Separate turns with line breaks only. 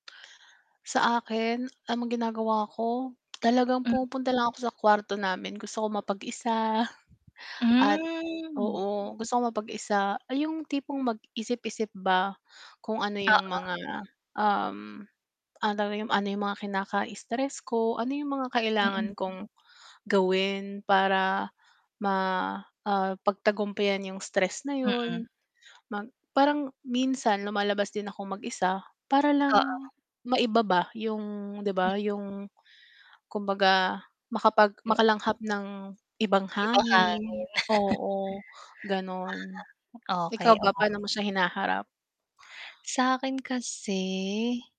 Sa akin, alam mong ginagawa ko talagang
Mm.
pumupunta lang ako sa kwarto namin. Gusto kong mapag-isa at
Mm.
oo, gusto kong mapag-isa. Ay, yung tipong magisip-isip ba kung ano yung
Oo.
mga, um, ano daw yung ano yung mga kinaka-stress ko. Ano yung mga
Mm.
kailangan kong gawin para ma ah, pagtagumpyan yung stress na
Mm.
yun. Mag parang minsan lumalabas din akong mag-isa para lang
Oo.
maiba ba yung 'di
M
ba, yung kumbaga makapag
Yo
makalanghap ng ibang
Ibang hangin.
hangin oo,
Di
ganon.
ba? Okay,
Ikaw ba
okay.
paano mo siya hinaharap?
Sakin kasi